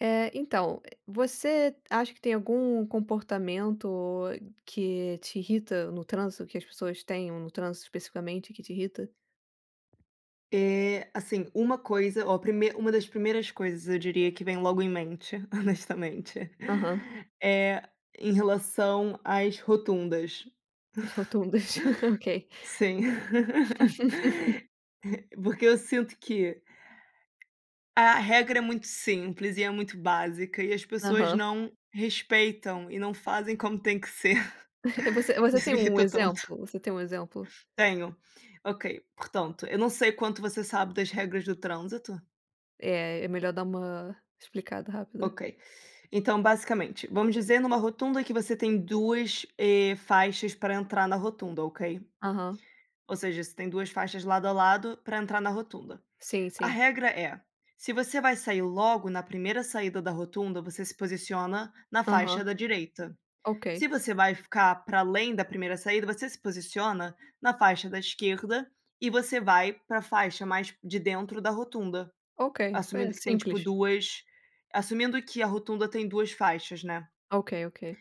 Eh, então, e você acha que tem algum comportamento, que te irrita no trânsito, que as pessoas tenham no trânsito, especificamente, que te irrita? E, assim, uma coisa, ó, prime uma das primeiras coisas eu diria que vem logo em mente, honestamente. Aham. É em relação às rotundas. As rotundas. Ok. Sim. Porque eu sinto que a regra é muito simples e, é muito básica e as pessoas Aham. não respeitam, e não fazem como tem que ser. Você você Isso tem me um irrita tanto. exemplo? Você tem um exemplo? Tenho. Ok. Portanto, eu não sei quanto você sabe das regras do trânsito. É, é melhor dar uma explicada rápida. OK. Então, basicamente, vamos dizer numa rotunda que você tem duas, e, faixas pra entrar na rotunda, ok. Aham. Ou seja, você tem duas faixas de lado a lado pra entrar na rotunda. Sim, A sim. regra é, se você vai sair logo na primeira saída da rotunda, você se posiciona na faixa Aham. da direita. Se OK. você vai ficar para além da primeira saída, você se posiciona na faixa da esquerda, e você vai para a faixa mais de dentro da rotunda, OK. assumindo É que tem tipo, simples. 2, assumindo que a rotunda tem duas faixas, né. OK, ok.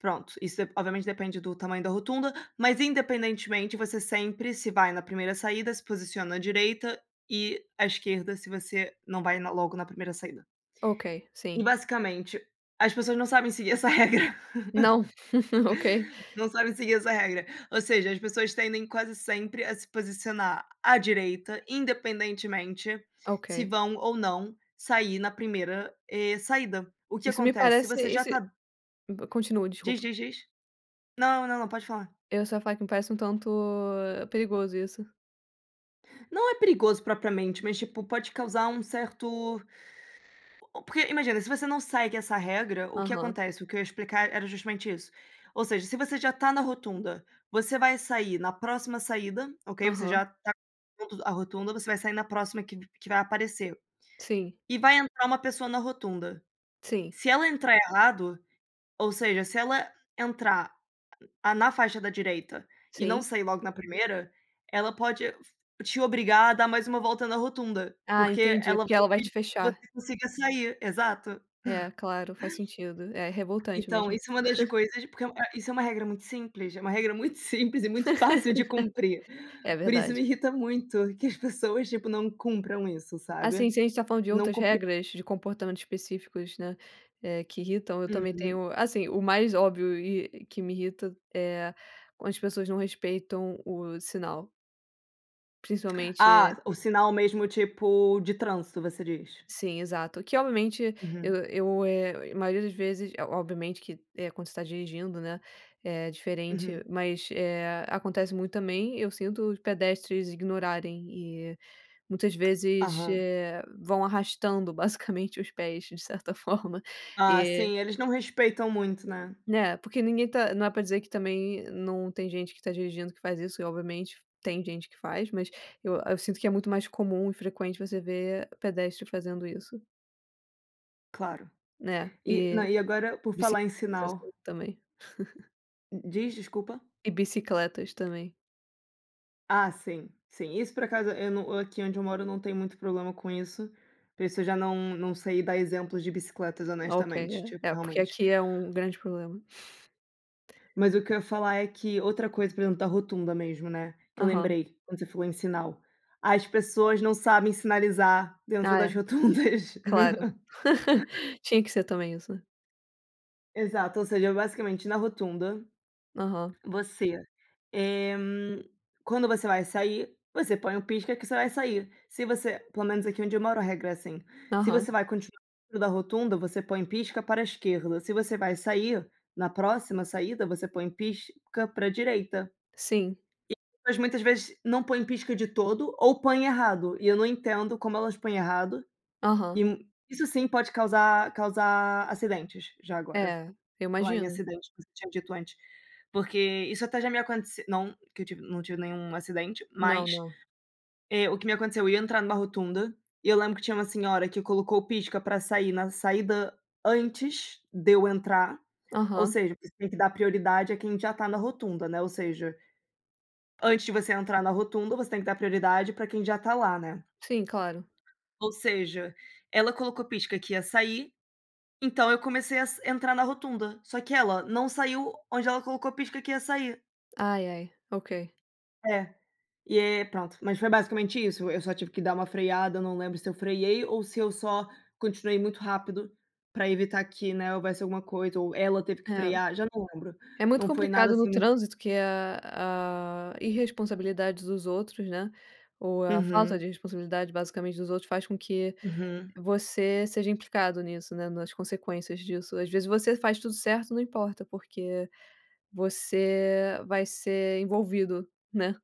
Pronto. Isso, d obviamente depende do tamanho da rotunda, mas independentemente, você sempre, se vai na primeira saída, se posiciona à direita e à esquerda se você não vai na logo na primeira saída. Ok. E, Sim. basicamente, as pessoas não sabem seguir essa regra. Não. Ok. Não sabem seguir essa regra, ou seja, as pessoas tendem quase sempre a se posicionar à direita, independentemente se Ok. vão ou não sair na primeira, eh, saída. O que Isso me acontece, se parece, você iss já c tá continua. Diz, Desculpa. diz, diz. Não, não, não. Pode falar. Eu só ia falar que, me parece um tanto perigoso, isso. Não é perigoso propriamente, mas, tipo, pode causar um certo porque, imagina, se você não segue essa regra, o que Aham. acontece? O que eu ia explicar era justamente isso, ou seja, se você já tá na rotunda, você vai sair na próxima saída, okay, você Aham. já tá [unintelligible] a rotunda, você vai sair na próxima que que vai aparecer Sim. e vai entrar uma pessoa na rotunda, Sim. se ela entrar errado, ou seja, se ela entrar, ah, na faixa da direita e não Sim. sair logo na primeira, ela pode te obrigar a dar mais uma volta na rotunda, Ah, porque entendi, é ela porque vai ela vai te impedir que você fechar. consiga sair. Exato. É, claro, faz sentido, é revoltante Então, mesmo. isso é uma das coisas porque, eh, isso é uma regra muito simples, é uma regra muito simples e muito fácil de cumprir. É Por isso me verdade. irrita muito que as pessoas, tipo, não cumpram isso, Assim, sabe, se a gente tá falando de não outras cumpre regras de comportamentos específicos, né, eh, que irritam, eu também Uhum. tenho, assim, o mais óbvio e que me irrita é quando as pessoas não respeitam o sinal. Principalmente e Ah, o sinal mesmo, tipo, de trânsito, você diz? Sim, exato, que, obviamente, eu Uhum. eu eh, maioria das vezes eh, obviamente, que, eh, quando você tá dirigindo, né, é diferente, Uhum. mas, eh, acontece muito também, eu sinto os pedestres ignorarem e, muitas vezes, Aham. eh, vão arrastando basicamente os pés, de certa forma Ah, e sim, eles não respeitam muito, né? Né, porque ninguém tá não é pra dizer que também não tem gente que tá dirigindo que faz isso, e obviamente tem gente que faz, mas eu eu sinto que é muito mais comum e frequente você ver pedestre fazendo isso. Claro, Né? e na E e agora por bicicletas, falar em mas sinal acho que também. Hum, d diz. Desculpa. E bicicletas também. Ah, sim, sim. Isso por acaso eu não aqui onde eu moro, não tenho muito problema com isso. Por isso eu já não não sei dar exemplos de bicicletas, Ah, okay. honestamente, tipo, É é, porque realmente. aqui é um grande problema. Mas o que eu ia falar é que outra coisa, por exemplo, da rotunda mesmo, né, que eu Aham. lembrei quando você falou em sinal, as pessoas não sabem sinalizar dentro Ah, das é. rotundas. Claro. Tinha que ser também isso, né? Exato, ou seja, basicamente na rotunda, Aham. você, eh, hum, quando você vai sair, você põe o pisca que você vai sair. Se você pelo menos aqui onde eu moro a regra é assim. Se você Aham. vai continuar dentro da rotunda, você põe pisca para a esquerda. Se você vai sair na próxima saída, você põe pisca para a direita. Sim. E as pessoas muitas vezes não põem pisca de todo ou põem errado e eu não entendo como elas põem errado Aham. e isso sim pode causar causar acidentes. Já agora, É, eu em falar em imagino. acidente, que você tinha dito antes, porque isso até já me acontece não que eu tive, não tive nenhum acidente, Não, mas, não. eh, o que me aconteceu? Eu ia entrar numa rotunda e eu lembro que tinha uma senhora que colocou o pisca pra sair na saída antes de eu entrar, ou Aham. seja, você tem que dar prioridade a quem já tá na rotunda, né, ou seja, antes de você entrar na rotunda, você tem que dar prioridade pra quem já tá lá, né. Sim, claro. Ou seja, ela colocou pisca que ia sair, então eu comecei ass entrar na rotunda, só que ela não saiu onde ela colocou pisca que ia sair. Ai, ai, ok. É, e é, pronto. Mas foi basicamente isso, eu só tive que dar uma freada, eu não lembro se eu freei ou se eu só continuei muito rápido para evitar que, né, houvesse alguma coisa ou ela teve que É. frear. Já não lembro, É muito não foi nada complicado no assim muito trânsito, que a a irresponsabilidade dos outros, né, ou a falta Uhum. de responsabilidade basicamente dos outros, faz com que Uhum. você seja implicado nisso, né, nas consequências disso, às vezes você faz tudo certo não importa, porque você vai ser envolvido, né.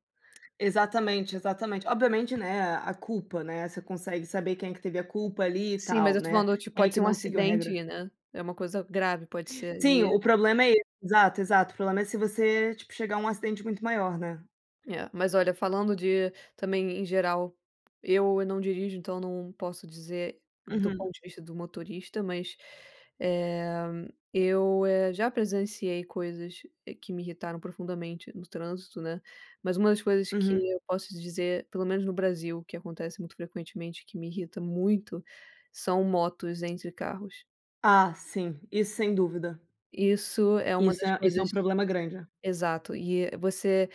Exatamente, exatamente obviamente, né, a a culpa, né, você consegue saber quem é que teve a culpa ali e Sim, tal, mas eu tô né, falando, tipo, quem é pode que ser um não seguiu a regra. acidente, né, é uma coisa grave, pode ser Sim, o e problema é esse, exato, exato. O problema é se você, tipo, chegar a um acidente muito maior, né? É, mas olha, falando de também em geral, eu eu não dirijo, então não posso dizer do Uhum. ponto de vista do motorista, mas, eh, eu, eh, já presenciei coisas que me irritaram profundamente no trânsito, né, mas uma das coisas que Uhum. eu posso dizer, pelo menos no Brasil, o que acontece muito frequentemente, que me irrita muito são motos entre carros. Ah, sim, isso sem dúvida. Isso é uma Isso das é isso é um coisas problema grande, é. exato, e você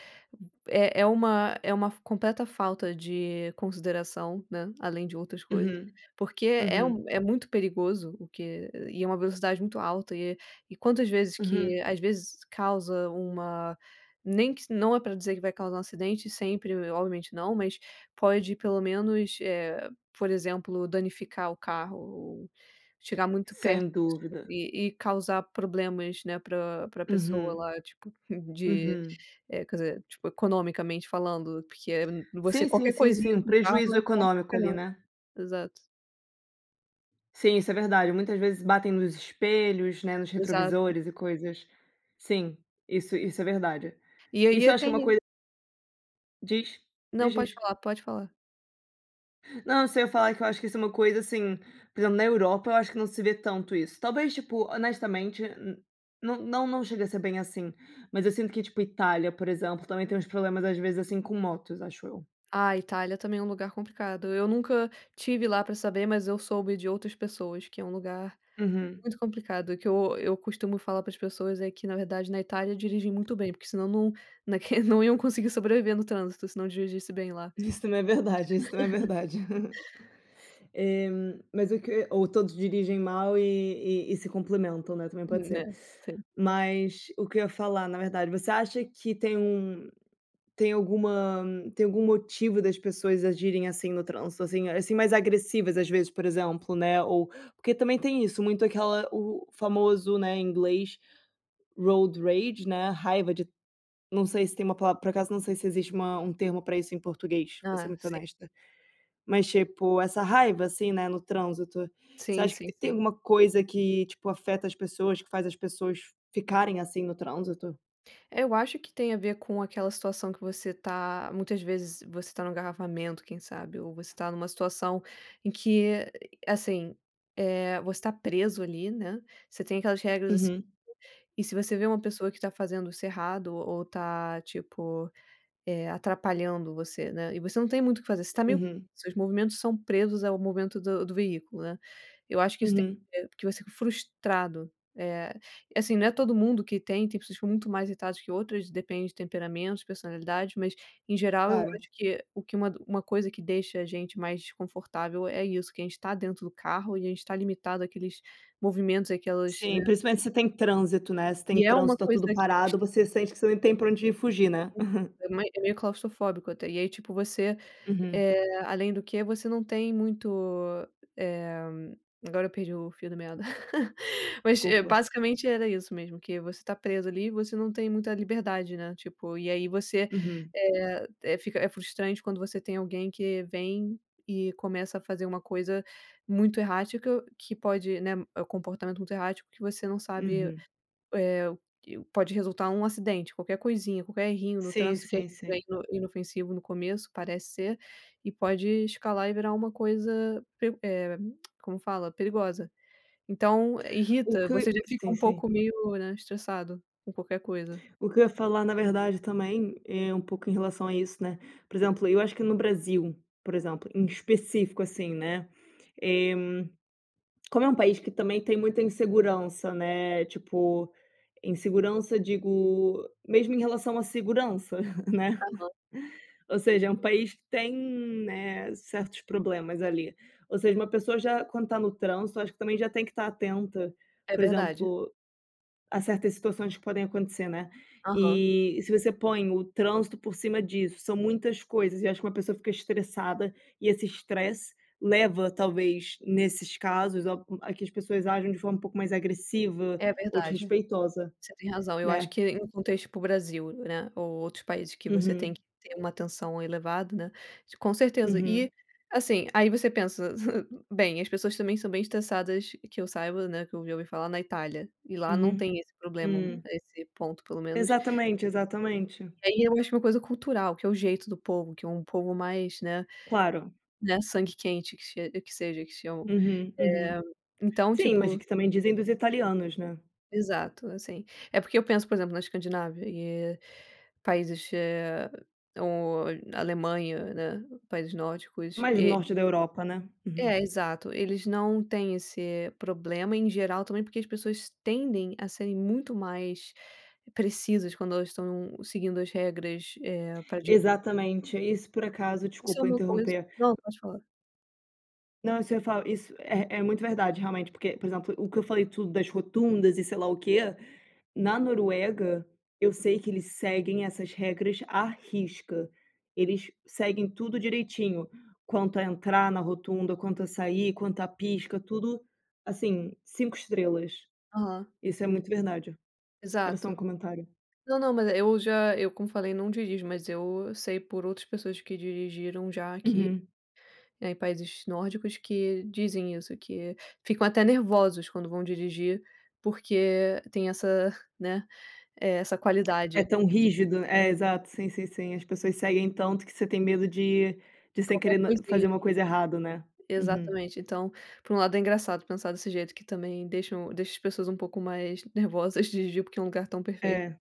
é é uma é uma f completa falta de consideração, né, além de outras coisas, Uhum. porque é Uhum. um é muito perigoso, o que e é uma velocidade muito alta e e quantas vezes Uhum. que, às vezes, causa uma nem que não é para dizer que vai causar um acidente sempre, obviamente não, mas pode, pelo menos, eh, por exemplo, danificar o carro ou chegar muito perto Sem disso dúvida. e e causar problemas, né, pra pra pessoa Uhum. lá, tipo de Uhum. eh, quer dizer, tipo, economicamente falando, porque, eh você Sim, sim, qualquer sim, coisinha sim, um com carro prejuízo é caro pra econômico ali, caramba. né? Exato. Sim, isso é verdade, muitas vezes batem nos espelhos, né, nos Exato. retrovisores e coisas. Sim, isso isso é verdade. E aí Isso eu eu acho que é uma tenho coi Diz. Não, Diz, pode diz. falar, pode falar. Não, eu sei, eu ia falar que eu acho que isso é uma coisa, assim, por exemplo, na Europa, eu acho que não se vê tanto isso, talvez, tipo, honestamente, n não não não chega a ser bem assim, mas eu sinto que, tipo, Itália, por exemplo, também tem uns problemas às vezes assim com motos, acho eu. Ah, Itália também é um lugar complicado. Eu nunca tive lá pra saber, mas eu soube de outras pessoas, que é um lugar Uhum. muito complicado. Que eu eu costumo falar para as pessoas é que, na verdade, na Itália dirigem muito bem, porque senão não na que não iam conseguir sobreviver no trânsito, se não dirigisse bem lá. Isso também é verdade, isso também é verdade. Eh, hum, mas o que ou todos dirigem mal e e e se complementam, né, também pode ser. Né? Sim. Mas o que eu ia falar, na verdade, você acha que tem um tem alguma, tem algum motivo das pessoas agirem assim no trânsito, assim assim, mais agressivas, às vezes, por exemplo, né ou porque também tem isso muito aquela o famoso, né, em inglês "road rage", né, raiva de não sei se tem uma palavra, por acaso, não sei se existe uma um termo pra isso em português, vou ser Ah, muito sim. honesta. Mas, tipo, essa raiva, assim, né, no trânsito. Você Sim, acha que sim, t tem sim. alguma coisa que, tipo, afeta as pessoas, que faz as pessoas ficarem assim no trânsito? Eu acho que tem a ver com aquela situação que você tá muitas vezes você tá no engarrafamento, quem sabe? Ou você tá numa situação em que, assim, eh, você tá preso ali, né, você tem aquelas regras, assim, Uhum. e se você vê uma pessoa que tá fazendo isso errado ou tá, tipo, eh, atrapalhando você, né, e você não tem muito o que fazer, você tá meio Uhum. seus movimentos são presos ao movimento do do veículo, né. Eu acho que isso tem Uhum. a ver, que você fica frustrado. Eh, e assim, não é todo mundo que tem. Tem pessoas que ficam muito mais irritadas que outras, depende de temperamentos, personalidade, mas, em geral, eu Claro. acho que o que uma uma coisa que deixa a gente mais desconfortável é isso, que a gente tá dentro do carro e a gente tá limitado àqueles movimentos àquelas Sim, né. principalmente se tem trânsito, né, se tem E é uma trânsito, tá coisa tudo bem es parado, você sente que você nem tem pra onde fugir, Uhum. né? É mei é meio claustrofóbico até e aí tipo você Uhum. eh, além do que você não tem muito, eh, agora eu perdi o fio da meada. Mas é Culpa. basicamente era isso mesmo que você tá preso ali e você não tem muita liberdade, né, tipo, e aí você, Uhum. eh eh, fica é frustrante quando você tem alguém que vem e começa a fazer uma coisa muito errática, que pode, né é o comportamento muito errático que você não sabe, Uhum. eh, que o pode resultar um acidente, qualquer coisinha, qualquer errinho no Sim, trânsito que às sim, vezes, é sim. ino inofensivo no começo, parece ser, e pode escalar e virar uma coisa per eh, como fala? Perigosa. Então O irrita, você que já fica sim, um sim. pouco meio, né, estressado com qualquer coisa. O que eu ia falar, na verdade, também é um pouco em relação a isso, né, por exemplo, eu acho que no Brasil, por exemplo, em específico, assim, né, eh, como é um país que também tem muita insegurança, né, tipo, insegurança, digo mesmo em relação à segurança, né, Aham. ou seja, é um país que tem, né, certos problemas ali. Ou seja, uma pessoa já quando tá no trânsito, acho que também já tem que estar atenta, É por verdade. exemplo, a certas situações que podem acontecer, né. Aham. E se você põe o trânsito por cima disso, são muitas coisas e acho que uma pessoa fica estressada e esse estresse leva, talvez, nesses casos, o hum, a que as pessoas ajam de forma um pouco mais agressiva É ou verdade, desrespeitosa, você tem razão. Eu acho né? que em contexto para o Brasil, né, ou outros países que você tem Uhum. que ter uma atenção elevada, né, com certeza. E Uhum. assim, aí você pensa: "Bem, as pessoas também são bem estressadas" que eu saiba, né, que eu já ouvi falar, na Itália. E lá não Uhum. tem esse problema, Hum. esse ponto, pelo menos Exatamente, exatamente. E aí eu acho uma coisa cultural, que é o jeito do povo, que é um povo mais, né Claro. né, sangue quente que che que seja que chamam, Uhum. Uhum. eh, então, Sim, mas é tipo que também dizem dos italianos, né? Exato, assim, é porque eu penso, por exemplo, na Escandinávia e países, eh, ou na Alemanha, né, países nórdicos Mais e norte da Europa, né? Uhum. É exato. Eles não têm esse problema, em geral, também porque as pessoas tendem a serem muito mais precisas quando elas estão seguindo as regras, eh, para di Exatamente. Aí, se, por acaso Isso é desculpa uma coisa interromper. não, pode falar. Não, você fala isso é é muito verdade, realmente, porque, por exemplo, o que eu falei tudo das rotundas e sei lá o quê. Na Noruega, eu sei que eles seguem essas regras à risca, eles seguem tudo direitinho quanto a entrar na rotunda, quanto a sair, quanto a pisca, tudo assim, 5 estrelas. Aham. Isso é muito verdade. Era só um Exato. comentário. Não, não, mas eu já eu, como eu falei, não dirijo, mas eu sei por outras pessoas que dirigiram já, aqui, Uhum. eh, em países nórdicos, que dizem isso, que ficam até nervosos quando vão dirigir, porque tem essa, né, eh, essa É qualidade. tão rígido, é, exato. Sim, sim, sim. As pessoas seguem tanto que você tem medo de de, sem Qualquer querer, né, fazer coisinha. uma coisa errado, né. Uhum. Exatamente. Então, por um lado é engraçado pensar desse jeito, que também deixam deixa as pessoas um pouco mais nervosas dirigir, porque é um lugar tão perfeito. É.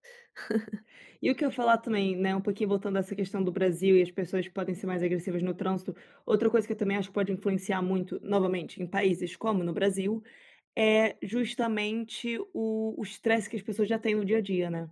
E o que eu ia falar também, né, um pouquinho voltando a essa questão do Brasil e as pessoas que podem ser mais agressivas no trânsito. Outra coisa que eu também acho que pode influenciar muito, novamente em países como no Brasil, é justamente o o estresse que as pessoas já têm no dia a dia, né.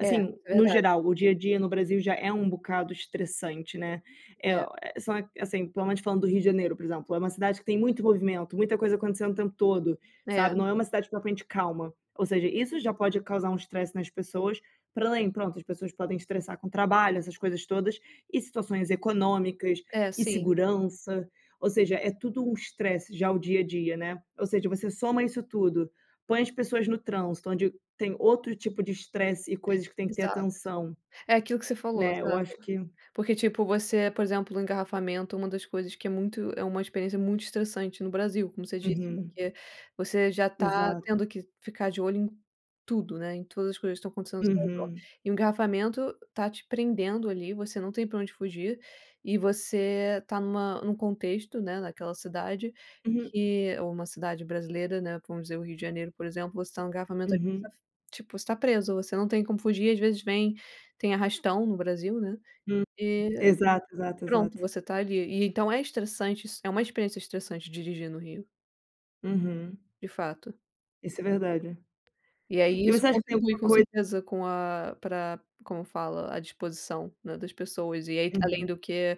É. no Verdade. geral, o dia a dia no Brasil já é um bocado estressante, né, eh, É. ó, eh, são assim, pelo menos falando do Rio de Janeiro, por exemplo, é uma cidade que tem muito movimento, muita coisa acontecendo o tempo todo, sabe? É. Não é uma cidade propriamente calma, ou seja, isso já pode causar um estresse nas pessoas pra além pronto, as pessoas podem estressar com o trabalho, essas coisas todas. E situações econômicas É, e sim. segurança, ou seja, é tudo um estresse já o dia a dia, né, ou seja, você soma isso tudo, põe as pessoas no trânsito, onde tem outro tipo de estresse e coisas que tem que ter Exato. atenção, É aquilo que você falou, né, eu exato. acho que Porque, tipo, você, por exemplo, no engarrafamento, uma das coisas que é muito é uma experiência muito estressante no Brasil, como você disse, Uhum. porque você já tá Exato. tendo que ficar de olho em tudo, né, em todas as coisas que estão acontecendo seu redor. Uhum. E o engarrafamento tá te prendendo ali, você não tem pra onde fugir. E você tá numa num contexto, né, naquela cidade Uhum. que ou uma cidade brasileira, né, vamos dizer o Rio de Janeiro, por exemplo, você tá no engarrafamento aqui, tá Uhum. f tipo, você tá preso, você não tem como fugir, às vezes vem tem arrastão no Brasil, né, Hum hum. e Exato, exato, pronto, exato. você tá ali e então é estressante isso, é uma experiência estressante dirigir no Rio. Uhum. De fato. Isso é verdade. E, aí, E isso você acha que tem contribui alguma com coi certeza com a pra como fala? A disposição, né, das pessoas. E, aí que Uhum. além do que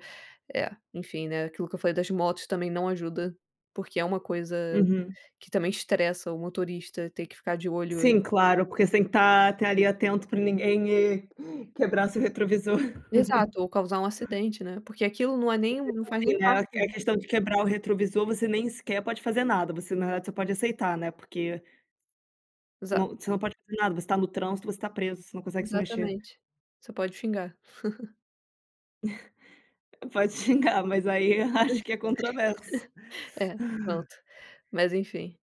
é, enfim, né, aquilo que eu falei das motos também não ajuda, porque é uma coisa Uhum. que também estressa o motorista, ter que ficar de olho Sim, claro. Porque você tem que estar estar ali atento pra ninguém ir quebrar seu retrovisor. Exato ou causar um acidente, né? Porque aquilo não é E nem um não mesmo faz nem assim, né, a parte a questão de quebrar o retrovisor, você nem sequer pode fazer nada. Você na realidade só pode aceitar, né. Porque Não, Exato. você não pode fazer nada. Você tá no trânsito, você tá preso, você não consegue se mexer. Exatamente. Você pode xingar. Pode xingar, mas aí eu acho que é controverso. É, pronto, mas, enfim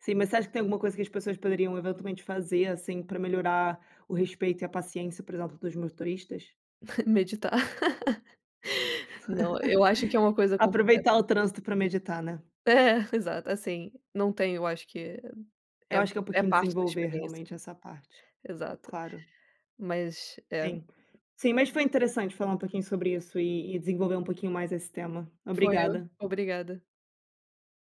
Sim, mas você acha que tem alguma coisa que as pessoas poderiam eventualmente fazer, assim, pra melhorar o respeito e a paciência, por exemplo, dos motoristas? Meditar. Não, eu acho que é uma coisa Aproveitar concreta. o trânsito pra meditar, né? É. Exato, assim, não tenho eu acho que Eu é acho que é um é pouquinho parte da desenvolver experiência. realmente essa parte. Exato, Claro. mas é Sim, sim. Mas foi interessante falar um pouquinho sobre isso e e desenvolver um pouquinho mais esse tema. Foi, eu Obrigada. obrigada.